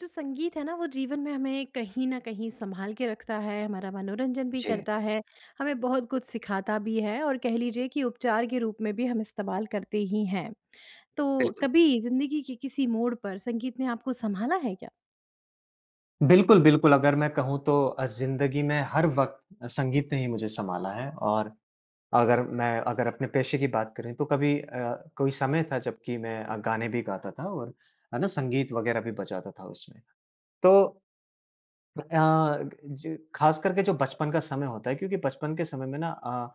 जो संगीत है ना वो जीवन में हमें कहीं न कहीं सँभाल के रखता है हमारा मनोरंजन भी जी। करता है हमें बहुत कुछ सिखाता भी है और कह लीजिए कि उपचार के रूप में भी हम इस्तेमाल करते ही हैं। तो बिल्कुल। कभी ज़िंदगी के किसी मोड पर संगीत ने आपको संभाला है क्या? बिल्कुल, बिल्कुल। अगर मैं कहूँ तो अ, ज़िंदगी में हर वक़्त अ, संगीत ने ही मुझे संभाला है और अगर मैं अगर अपने पेशे की बात करें तो कभी अ, कोई समय था जबकि मैं अ, गाने भी गाता था और है ना? संगीत वगैरह भी बजाता था उसमें। तो अ, ज ख़ास करके जो बचपन का समय होता है, क्योंकि बचपन के समय में ना अ,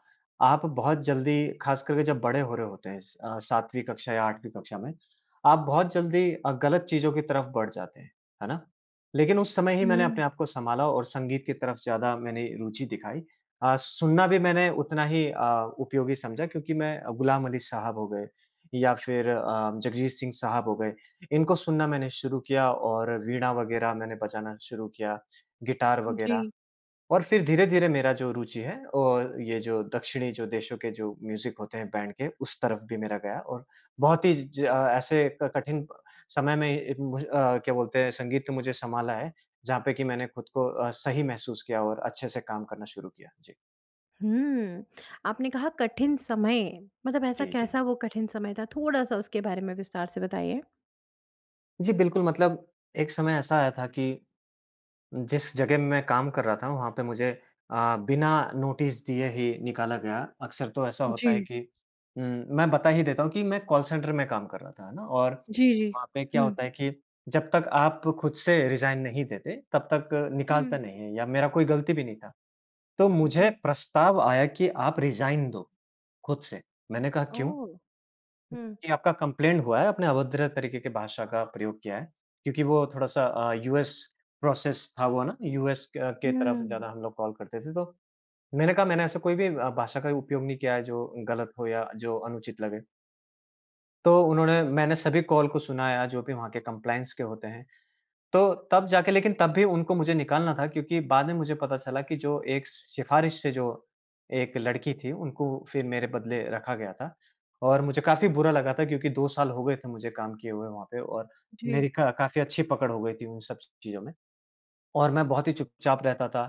आप बहुत जल्दी ख़ास करके जब बड़े हो रहे होते हैं अ, सातवीं कक्षा या आठवीं कक्षा में, आप बहुत जल्दी अ, गलत चीज़ों की तरफ बढ़ जाते हैं। है ना? लेकिन उस समय ही मैंने हुँ। अपने आप को सँभाला और संगीत की तरफ ज़्यादा मैंने रुचि दिखाई अ, सुनना भी मैंने उतना ही अ, उपयोगी समझा क्योंकि मैं अ, ग़ुलाम अली साहब हो गए या फ़िर अ, जगजीत सिंह साहब हो गए इनको सुनना मैंने शुरू किया और वीणा वगैरह मैंने बजाना शुरू किया। गिटार वगैरह जी। और फ़िर धीरे-धीरे मेरा जो रुचि है और ये जो दक्षिणी जो देशों के जो म्यूजिक होते हैं बैंड के उस तरफ भी मेरा गया और बहुत ही ज अ, ऐसे कठिन समय में भ अ, क्या बोलते हैं संगीत ने मुझे संभाला है, जहाँ पे की मैंने खुद को अ, सही महसूस किया और अच्छे से काम करना शुरू किया। जी। हुँ आपने कहा कठिन समय मतलब ऐसा जी, जी। कैसा वो कठिन समय था थोड़ा-सा उसके बारे में विस्तार से बताइए? जी बिल्कुल मतलब एक समय ऐसा आया था कि, जिस जगह मैं काम कर रहा था वहाँ पे मुझे अ, बिना नोटिस दिए ही निकाला गया। अक्सर तो ऐसा होता है जी। कि उम, मैं बता ही देता हूँ कि मैं कॉल सेंटर में काम कर रहा था। है ना? और जी, जी। वहाँ पे क्या हुँ। होता है कि जब तक आप खुद से रिज़ाइन नहीं देते तब तक हुँ। निकालता नहीं है या मेरा कोई गलती भी नहीं था। तो मुझे जी। प्रस्ताव आया कि आप रिज़ाइन दो खुद से। मैंने कहा क्यों? ओह! हुँ। कि आपका कंप्लेंट हुआ है, आपने अभद्र तरीके की भाषा का प्रयोग किया है। क्योंकि वो थोड़ा-सा अ, यूएस प्रोसेस था वो ना यूएस क के अ, के तरफ से हम्म। ज़्यादा हम लोग कॉल करते थे तो। मैंने कहा मैंने ऐसा कोई भी अ, भाषा का उपयोग नहीं किया है जो गलत हो या जो अनुचित लगे। तो उन्होंने मैंने सभी कॉल को सुनाया जो भी वहाँ के कंप्लायंस के होते हैं। तो तब जाके लेकिन तब भी उनको मुझे निकालना था क्योंकि बाद में मुझे पता चला कि जो एक सिफ़ारिश से जो एक लड़की थी, उनको फ़िर मेरे बदले रखा गया था। और मुझे काफ़ी बुरा लगा था क्योंकि 2 साल हो गए थे मुझे काम किये हुए वहाँ पे और मेरी जी। क काफ़ी अच्छी पकड़ हो गई थी उन सब चीज़ों में। और मैं बहुत ही चुपचाप रहता था।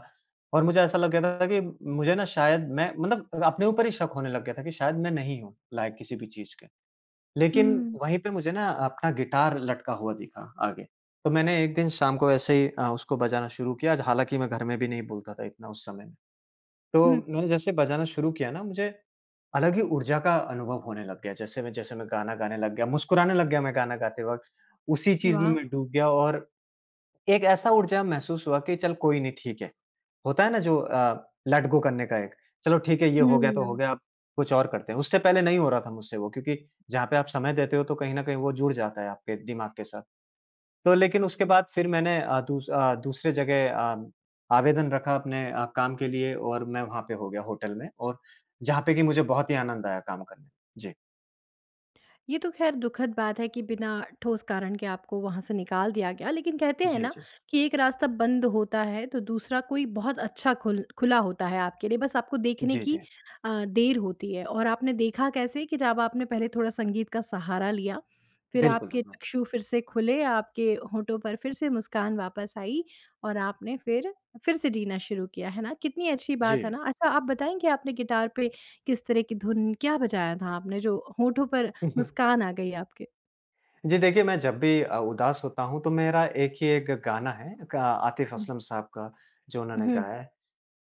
और मुझे ऐसा लग गया था ना कि मुझे ना शायद मैं मतलब अपने ऊपर ही शक होने लग गया था कि शायद मैं नहीं हूँ लायक़ किसी भी चीज़ के। लेकिन हुँ। वहीं पे मुझे ना अपना गिटार लटका हुआ दिखा आगे। तो मैंने एक दिन शाम को ऐसे ही अ, उसको बजाना शुरू किया। हालाँकि मैं घर में भी नहीं बोलता था इतना उस समय में। तो हुँ। मैंने जैसे बजाना शुरू किया ना मुझे अलग ही ऊर्जा का अनुभव होने लग गया। जैसे मैं जैसे मैं गाना गाने लग गया, मुस्कुराने लग गया मैं गाना गाते वक़्त। उसी चीज़ में वाह! मैं डूब गया और एक ऐसा ऊर्जा महसूस हुआ कि चल कोई नहीं ठीक है। होता है ना जो अ, लेट गो करने का एक। चलो ठीक है ये हो गया तो हो हम्म। गया अब कुछ और करते हैं। उससे पहले नहीं हो रहा था मुझसे वो क्योंकि जहाँ पे आप समय देते हो तो कहीं न कहीं वो जुड़ जाता है आपके दिमाग के साथ। तो लेकिन अ, उसके जी। बाद फ़िर मैंने अ, दूस अ, दूसरे जगह अ, आवेदन रखा अपने अ, काम के लिए और मैं वहाँ पे हो गया होटल में और जहाँ पे की मुझे बहुत ही आनंद आया काम करने में। जी। ये तो ख़ैर दुखद बात है कि बिना ठोस कारण के आपको वहाँ से निकाल दिया गया लेकिन कहते हैं जी, ना जी। कि एक रास्ता बंद होता है तो दूसरा कोई बहुत अच्छा खुल खुला होता है आपके लिए बस आपको देखने जी, की जी। अ, देर होती है। और आपने देखा कैसे कि जब आपने पहले थोड़ा संगीत का सहारा लिया, फिर बिल्कुल आपके है ना। चक्षु फिर से खुले आपके होंठों पर फिर से मुस्कान वापस आई और आपने फिर, फिर से जीना शुरू किया। है ना? कितनी अच्छी बात है जी। ना? अच्छा आप बताएँ आपने गिटार पे किस तरह की धुन, क्या बजाया था आपने? जो होंठों पर मुस्कान आ गई आपके? जी देखिए मैं जब भी अ, उदास होता हूँ तो मेरा एक ही एक गाना है का आतिफ़ हुँ। असलम साहब का, जो उन्होंने उहुँ। गाया है।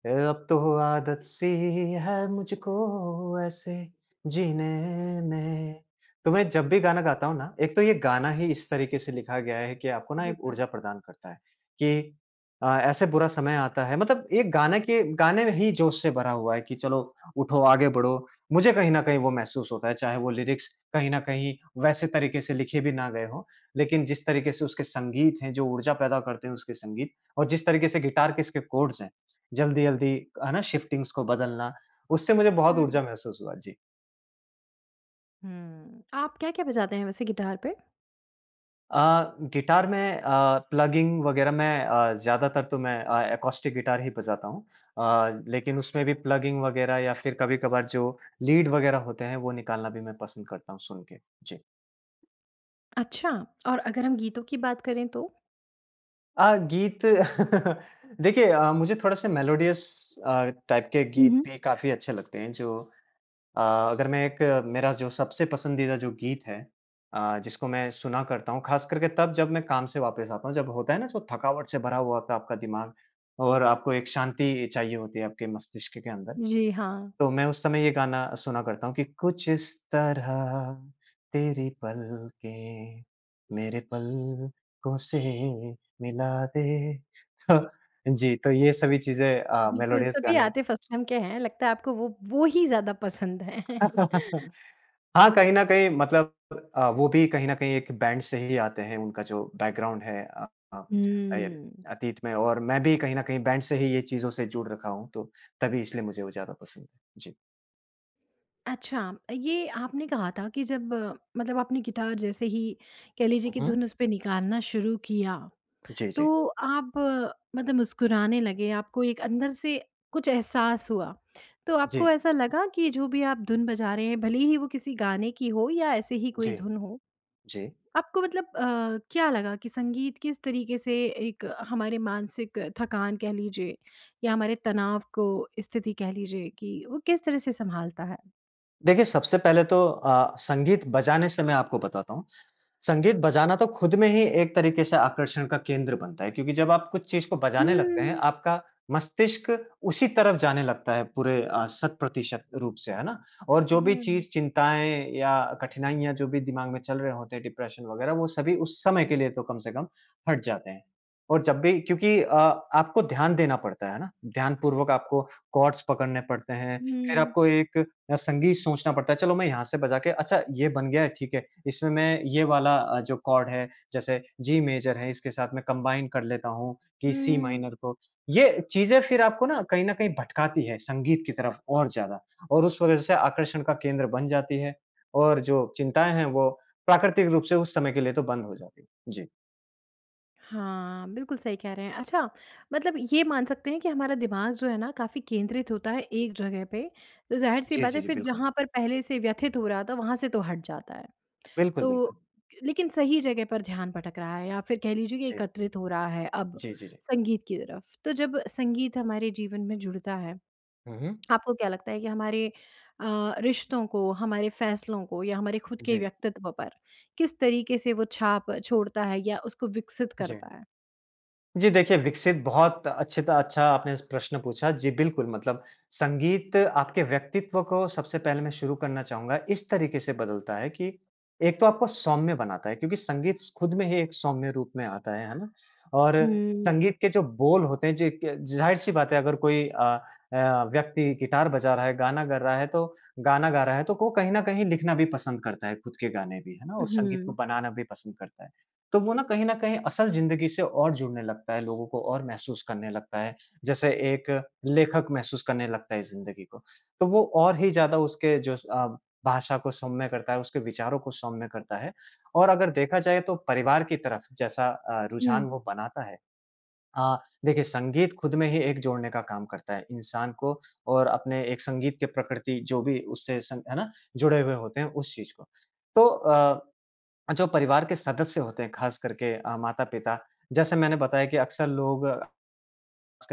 ए, अब तो आदत सी है मुझको ऐसे जीने में। तो मैं जब हुँ। भी गाना गाता हूँ ना, एक तो ये गाना ही इस तरीके से लिखा गया है कि आपको ना एक बिल्कुल। ऊर्जा प्रदान करता है कि अ, ऐसे बुरा समय आता है मतलब एक गाने के गाने ही जोश से भरा हुआ है कि चलो, उठो आगे बढ़ो। मुझे कहीं न कहीं वो महसूस होता है, चाहे वो लिरिक्स कहीं न कहीं वैसे तरीके से लिखे भी ना गए हों। लेकिन जिस तरीके से उसके संगीत हैं, जो ऊर्जा पैदा करते हैं उसके संगीत और जिस तरीके से गिटार के इसके कॉर्ड्स हैं, जल्दी-जल्दी है ना शिफ़्टिंग्स को बदलना, उससे मुझे बहुत हुँ। ऊर्जा महसूस हुआ। जी। हुँ। आप क्या-क्या बजाते हैं वैसे गिटार पे? अ, गिटार में अ, प्लगिंग वग़ैरह मैं अ, ज़्यादातर तो मैं अ, एकॉस्टिक गिटार ही बजाता हूँ। अ, लेकिन उसमें भी प्लगिंग वग़ैरह या फिर कभी-कभार जो लीड वगैरह होते हैं, वो निकालना भी मैं पसंद करता हूँ सुन के। जी। अच्छा और अगर हम गीतों की बात करें तो? अ, गीत देखिए अ, मुझे थोड़ा-सा मेलोडियस अ, टाइप के हुँ, गीत हुँ। भी काफ़ी अच्छे लगते हैं। जो अ, अगर मैं एक मेरा जो सबसे पसंदीदा जो गीत है, अ, जिसको मैं सुना करता हूँ, ख़ास करके तब जब मैं काम से वापस आता हूँ। जब होता है ना तो थकावट से भरा हुआ होता है आपका दिमाग और आपको एक शांति चाहिए होती है आपके मस्तिष्क के अंदर। जी, हाँ। तो मैं उस समय ये गाना सुना करता हूँ कि कुछ इस तरह तेरी पलकें मेरे पलकों से मिला दे। जी तो ये सभी चीज़ें अ, बिल्कुल मेलोडियस सभी गाने है। आतिफ़ असलम के हैं। लगता है आपको वो वो ही ज़्यादा पसंद है। हाँ, कहीं न कहीं मतलब अ, वो भी कहीं न कहीं एक बैंड से ही आते हैं, उनका जो बैकग्राउंड है अ अ, अय हुँ। अतीत में और मैं भी कहीं न कहीं बैंड से ही ये चीज़ों से जुड़ रखा हूँ तो तभी इसलिए मुझे वो ज़्यादा पसंद है। जी। अच्छा! ये आपने कहा था कि जब मतलब आपने गिटार जैसे ही कह लीजिए हुँ कि हुँ। धुन उस पे निकालना शुरू किया, जी जी। तो आप मतलब मुस्कुराने लगे आपको एक अंदर से कुछ एहसास हुआ तो आपको जी। ऐसा लगा कि जो भी आप धुन बजा रहे हैं भले ही वो किसी गाने की हो या ऐसे ही कोई जी। धुन हो जी। आपको मतलब अ, क्या लगा कि संगीत किस तरीके से एक हमारे मानसिक थकान कह लीजिए या हमारे तनाव को स्थिति कह लीजिए कि वो किस तरह से सँभालता है? देखिए सबसे पहले तो अ, संगीत बजाने से मैं आपको बताता हूँ। संगीत बजाना तो ख़ुद में ही एक तरीके से आकर्षण का केंद्र बनता है क्योंकि जब आप कुछ चीज़ को बजाने लगते हैं, हम्म। आपका मस्तिष्क उसी तरफ जाने लगता है पूरे अ, शत-प्रतिशत रूप से, है ना? और हुँ, जो भी हुँ। चीज़, चिंताएँ या कठिनाइयाँ जो भी दिमाग में चल रहे होते हैं डिप्रेशन वगैरह वो सभी उस समय के लिए तो कम से कम हट जाते हैं। और जब भी क्योंकि अ, आपको ध्यान देना पड़ता है। है ना? ध्यानपूर्वक आपको कॉर्ड्स पकड़ने पड़ते हैं फ़िर हुँ। आपको एक अ, संगीत सोचना पड़ता है। चलो मैं यहाँ से बजा के, अच्छा ये बन गया है, ठीक है इसमें मैं ये वाला अ, जो कॉर्ड है जैसे जी मेजर है इसके साथ मैं कंबाइन कर लेता हूँ कि सी हुँ। माइनर को। ये चीज़ें फ़िर आपको ना कहीं ना कहीं भटकाती है संगीत की तरफ और ज़्यादा और उस वजह से आकर्षण का केंद्र बन जाती है। और जो चिंताएँ हैं वो प्राकृतिक रूप से उस समय के लिए तो बंद हो जाती हैं। जी। हाँ, बिल्कुल सही कह रहे हैं। अच्छा! मतलब ये मान सकते हैं कि हमारा दिमाग जो है ना काफ़ी केंद्रित होता है एक जगह पे, तो ज़ाहिर-सी जी, बात जी, है जी। फिर बिल्कुल। जहाँ पर पहले से व्यथित हो रहा था वहाँ से तो हट जाता है। बिल्कुल, तो बिल्कुल। लेकिन सही जगह पर ध्यान भटक रहा है या फिर कह लीजिए कि जी। एकत्रित हो रहा है अब जी, जी, जी। संगीत की तरफ। तो जब संगीत हमारे जीवन में जुड़ता है, हुँ, हुँ। आपको क्या लगता है कि हमारे अ, रिश्तों को हमारे फ़ैसलों को या हमारे खुद के जी। व्यक्तित्व पर किस तरीके से वो छाप छोड़ता है? या उसको विकसित जी। करता है? जी देखिए, विकसित बहुत अच्छी त अच्छा आपने स प्रश्न पूछा। जी बिल्कुल, मतलब संगीत आपके व्यक्तित्व को सबसे पहले मैं शुरू करना चाहूँगा इस तरीके से बदलता है कि एक तो आपको सौम्य बनाता है। क्योंकि संगीत स खुद में ही एक सौम्य रूप में आता है, है ना? और हुँ। संगीत के जो बोल होते हैं जो इक ज़ाहिर-सी बात है अगर कोई अ, ए, अ, व्यक्ति गिटार बजा रहा है, गाना कर रहा है तो गाना गा रहा है तो को कहीं न कहीं लिखना भी पसंद करता है, खुद के गाने भी, है ना? और संगीत को उहुँ। बनाना भी पसंद करता है। तो वो ना कहीं न कहीं असल ज़िंदगी से और जुड़ने लगता है, लोगों को और महसूस करने लगता है। जैसे एक लेखक महसूस करने लगता है ज़िंदगी को। तो वो और ही ज़्यादा उसके जो स अ, भाषा को सौम्य करता है, उसके विचारों को सौम्य करता है। और अगर देखा जाए तो परिवार की तरफ़ जैसा अ, रुझान हुँ। वो बनाता है। अ, देखिए संगीत खुद में ही एक जोड़ने का काम करता है। इंसान को और अपने एक संगीत की प्रकृति जो भी उससे सं है ना? जुड़े हुए होते हैं उस चीज़ को। तो अ, अ, जो परिवार के सदस्य होते हैं ख़ास करके अ, माता-पिता, जैसे मैंने बताया कि अक्सर लोग, आजकल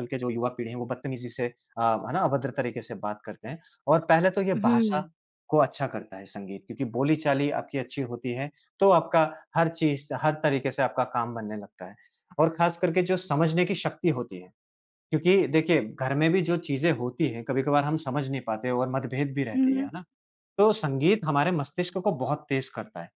की जो युवा पीढ़ी है वो बत्तमीज़ी से अ, है ना? अभद्र तरीके से बात करते हैं। और पहले तो ये उ हुँ। भाषा को अच्छा करता है संगीत क्योंकि बोली-चाली आपकी अच्छी होती है। तो आपका हर चीज़, हर तरीके से आपका काम बनने लगता है। और ख़ास करके जो समझने की शक्ति होती है। क्योंकि देखिए, घर में भी जो चीज़ें होती हैं कभी-कभार हम समझ नहीं पाते और मतभेद भी हुँ, रहती है। हुँ। है ना? तो संगीत हमारे मस्तिष्क को बहुत तेज़ करता है।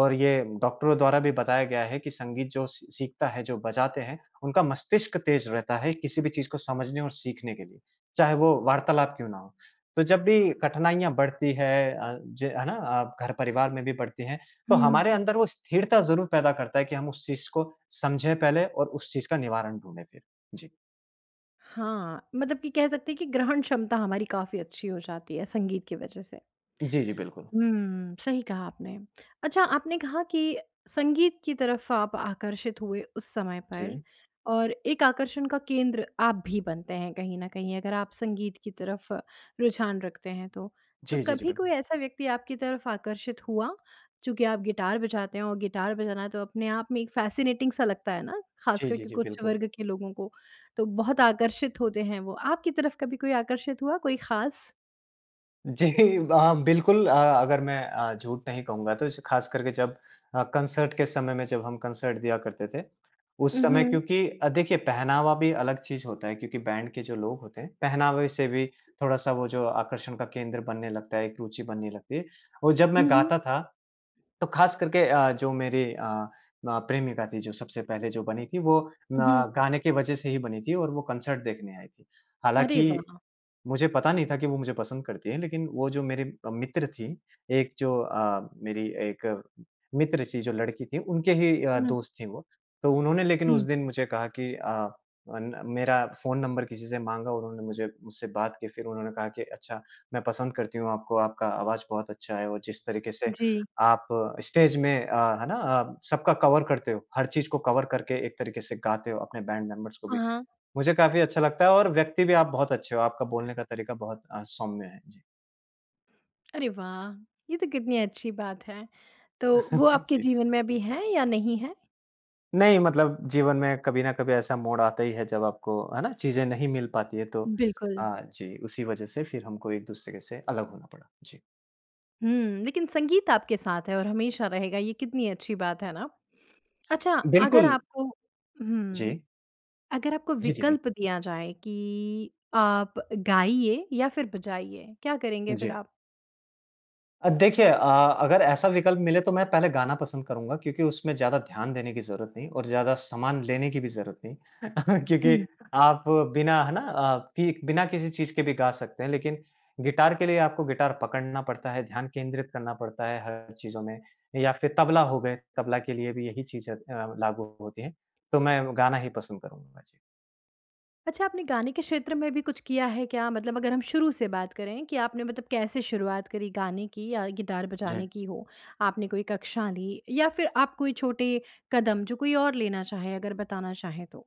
और ये डॉक्टरों द्वारा भी बताया गया है कि संगीत जो सी सीखता है, जो बजाते हैं, उनका मस्तिष्क तेज़ रहता है किसी भी चीज़ को समझने और सीखने के लिए। चाहे वो वार्तालाप क्यों ना हो। तो जब भी कठिनाइयाँ बढ़ती हैं अ, ज है ना? अ, घर परिवार में भी बढ़ती हैं तो हुँ। हमारे अंदर वो स्थिरता ज़रूर पैदा करता है कि हम उस चीज़ को समझें पहले और उस चीज़ का निवारण ढूँढे फिर। जी। हाँ। मतलब कि कह सकते हैं कि ग्रहण क्षमता हमारी काफ़ी अच्छी हो जाती है संगीत की वज़ह से। जी, जी। बिल्कुल। हुँ। सही कहा आपने। अच्छा आपने कहा कि संगीत की तरफ़ आप आकर्षित हुए उस समय पर जी। और एक आकर्षण का केंद्र आप भी बनते हैं कहीं ना कहीं अगर आप संगीत की तरफ़ रुझान रखते हैं तो। तो जी, जी, जी। कभी बिल कोई ऐसा व्यक्ति आपकी तरफ़ आकर्षित हुआ चूँकि आप गिटार बजाते हैं और गिटार बजाना है तो अपने आप में एक फ़ैसिनेटिंग सा लगता है ना। ख़ास जी, कर जी, के जी। कुछ बिल्कुल। वर्ग के लोगों को तो बहुत आकर्षित होते हैं वो। आपकी तरफ़ कभी कोई आकर्षित हुआ कोई ख़ास? जी। वहाँ बिल्कुल अ, अगर मैं अ, झूठ नहीं कहूँगा तो ख़ास करके जब अ, कंसर्ट के समय में जब हम कंसर्ट दिया करते थे। उ, उस समय हुँ। क्योंकि अ, देखिए पहनावा भी अलग चीज़ होता है क्योंकि बैंड के जो लोग होते हैं पहनावे से भी थोड़ा-सा वो जो आकर्षण का केंद्र बनने लगता है एक रुचि बनने लगती है। और जब मैं हुँ, हुँ। गाता था तो ख़ास करके अ, जो मेरी अ, अ, प्रेमिका थी जो सबसे पहले जो बनी थी वो म हुँ। गाने की वज़ह से ही बनी थी और वो कॉन्सर्ट देखने आई थी। अरे हालाँकि वाह! मुझे पता नहीं था कि वो मुझे पसंद करती है लेकिन वो जो मेरे अ, मित्र थीं एक जो अ, मेरी एक मित्र थी जो लड़की थी उनके ही अ, हुँ। दोस्त थी वो। तो उन्होंने लेकिन उस हुँ। दिन मुझे कहा कि अ, अन मेरा फ़ोन नंबर किसी से माँगा उन्होंने मुझे मुझसे बात करके फिर उन्होंने कहा कि अच्छा मैं पसंद करती हूँ आपको। आपका आवाज़ बहुत अच्छा है और जिस तरीके से जी। आप स्टेज में अ, है ना अ, सबका कवर करते हो। हर चीज़ को कवर करके एक तरीके से गाते हो अपने बैंड मेंबर्स को भी। हाँ। मुझे काफ़ी अच्छा लगता है और व्यक्ति भी आप बहुत अच्छे हो। आपका बोलने का तरीका बहुत अ, सौम्य है। जी। अरे वाह! ये तो कितनी अच्छी बात है। तो, वो आपके जी। जीवन में अभी हैं या नहीं हैं? नहीं, मतलब जीवन में कभी न कभी ऐसा मोड़ आता ही है जब आपको, है ना? चीज़ें नहीं मिल पाती हैं तो बिल्कुल। हाँ जी, उसी वजह से फिर हमको एक-दूसरे से अलग होना पड़ा। जी। हुँ। लेकिन संगीत आपके साथ है और हमेशा रहेगा, ये कितनी अच्छी बात है ना? अच्छा, अगर बिल्कुल। आपको हुँ। जी। अगर आपको जी, ठीक है। विकल्प दिया जाए कि आप गाइए या फिर बजाइए, क्या करेंगे फिर जी। आप? अब देखिए अ, अगर ऐसा विकल्प मिले तो मैं पहले गाना पसंद करूँगा क्योंकि उसमें ज़्यादा ध्यान देने की जरूरत नहीं और ज़्यादा सामान लेने की भी जरूरत नहीं। क्योंकि हुँ। आप बिना, है ना? अ, कि बिना किसी चीज़ के भी गा सकते हैं, लेकिन गिटार के लिए आपको गिटार पकड़ना पड़ता है, ध्यान केंद्रित करना पड़ता है हर चीज़ों में, या फिर तबला हो गए, तबला के लिए भी यही चीज़ें अ, लागू होती हैं। तो मैं गाना ही पसंद करूँगा। जी। अच्छा, आपने गाने के क्षेत्र में भी कुछ किया है क्या? मतलब अगर हम शुरू से बात करें कि आपने मतलब कैसे शुरुआत करी गाने की या गिटार जी। बजाने की हो। आपने कोई कक्षा ली या फिर आप कोई छोटे कदम जो कोई और लेना चाहे अगर बताना चाहें तो?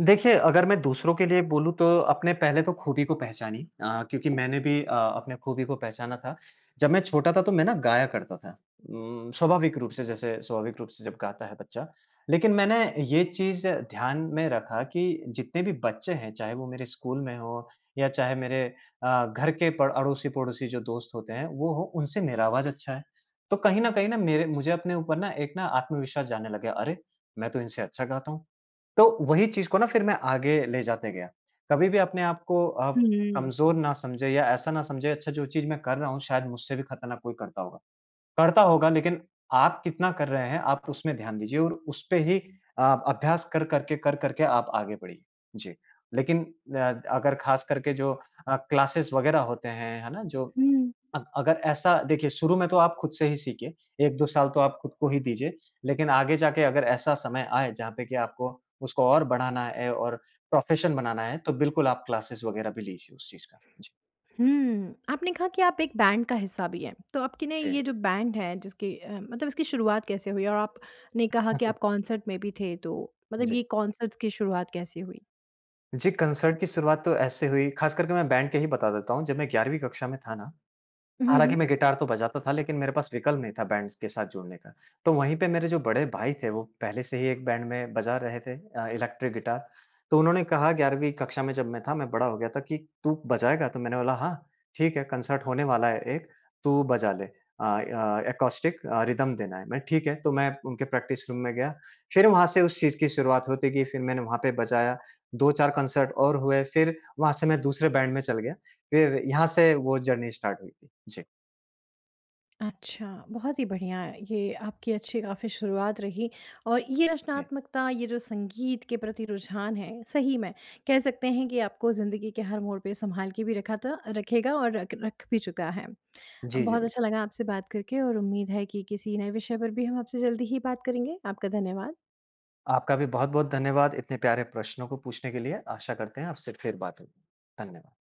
देखिए अगर मैं दूसरों के लिए बोलूँ तो अपने पहले तो ख़ूबी को पहचानिए। अ, क्योंकि मैंने भी अ, अपने ख़ूबी को पहचाना था। जब मैं छोटा था तो मैं ना गाया करता था। उम, स्वाभाविक रूप से जैसे स्वाभाविक रूप से जब गाता है बच्चा। लेकिन मैंने ये चीज़ ध्यान में रखा कि जितने भी बच्चे हैं, चाहे वो मेरे स्कूल में हो या चाहे मेरे अ, घर के प अड़ोसी-पड़ोसी जो दोस्त होते हैं, वो हो उनसे मेरा आवाज़ अच्छा है। तो कहीं न कहीं ना मेरे मुझे अपने ऊपर ना एक ना आत्मविश्वास जानने लग गया। अरे! मैं तो इनसे अच्छा गाता हूँ। तो वही चीज़ को ना फिर मैं आगे ले जाते गया। कभी भी अपने आप को आप हुँ। कमज़ोर ना समझें या ऐसा ना समझें, अच्छा जो चीज़ मैं कर रहा हूँ शायद मुझसे भी ख़तरनाक कोई करता होगा। करता होगा, लेकिन आप कितना कर रहे हैं आप उसमें ध्यान दीजिए और उसपे ही आप अभ्यास कर-कर के कर-कर के आप आगे बढ़िए। जी। लेकिन अ, अगर ख़ास करके जो अ, क्लासेज़ वग़ैरह होते हैं, है ना? जो हुँ। अ, अगर ऐसा देखिए शुरू में तो आप खुद से ही सीखिए। 1-2 साल तो आप खुद को ही दीजिए। लेकिन आगे जाके अगर ऐसा समय आए जहाँ पे कि आपको उसको और बढ़ाना है और प्रोफ़ेशन बनाना है तो बिल्कुल आप क्लासेज़ वग़ैरह भी लीजिए उस चीज़ का। जी। हुँ। आपने कहा कि आप एक बैंड का हिस्सा भी हैं। तो आपकी ना जी। ये जो बैंड है जिसकी अ, मतलब इसकी शुरुआत कैसे हुई? और आपने कहा है, कि हा। आप कॉन्सर्ट में भी थे तो मतलब जी। ये कॉन्सर्ट्स की शुरुआत कैसे हुई? जी कंसर्ट की शुरुआत तो ऐसे हुई, खास करके मैं बैंड के ही बता देता हूँ, जब मैं ग्यारहवीं कक्षा में था ना, हुँ, हुँ, हालाँकि हुँ। मैं गिटार तो बजाता था लेकिन मेरे पास विकल्प नहीं था बैंड्स के साथ जुड़ने का। तो वहीं पे मेरे जो बड़े भाई थे वो पहले से ही एक बैंड में बजा रहे थे अ, इलेक्ट्रिक गिटार। तो उन्होंने कहा ग्यारहवीं कक्षा में जब मैं था, मैं बड़ा हो गया था कि, "तू बजाएगा?" तो मैंने बोला, "हाँ, ठीक है।" कंसर्ट होने वाला है एक तू बजा ले। अ अ, एकॉस्टिक अ, रिदम देना है। मैं ठीक है तो मैं उनके प्रैक्टिस रूम में गया। फिर वहाँ से उस चीज़ की शुरुआत होती गई। फिर मैंने वहाँ पे बजाया 2-4 कंसर्ट और हुए। फिर वहाँ से मैं दूसरे बैंड में चल गया। फिर यहाँ से वो जर्नी स्टार्ट हुई थी। जी। अच्छा। बहुत ही बढ़िया ये आपकी अच्छी काफ़ी शुरुआत रही और ये जी। रचनात्मकता, ये जो संगीत के प्रति रुझान है, सही में, कह सकते हैं कि आपको ज़िंदगी के हर मोड़ पे सँभाल के भी रखा था रखेगा और रख रख भी चुका है। अ, जी, जी, बहुत बिल्कुल। अच्छा लगा आपसे बात करके और उम्मीद है कि किसी नए विषय पर भी हम आपसे जल्दी ही बात करेंगे। आपका धन्यवाद। आपका भी बहुत-बहुत धन्यवाद, इतने प्यारे प्रश्नों को पूछने के लिए। आशा करते हैं आपसे फिर बात होगी, धन्यवाद।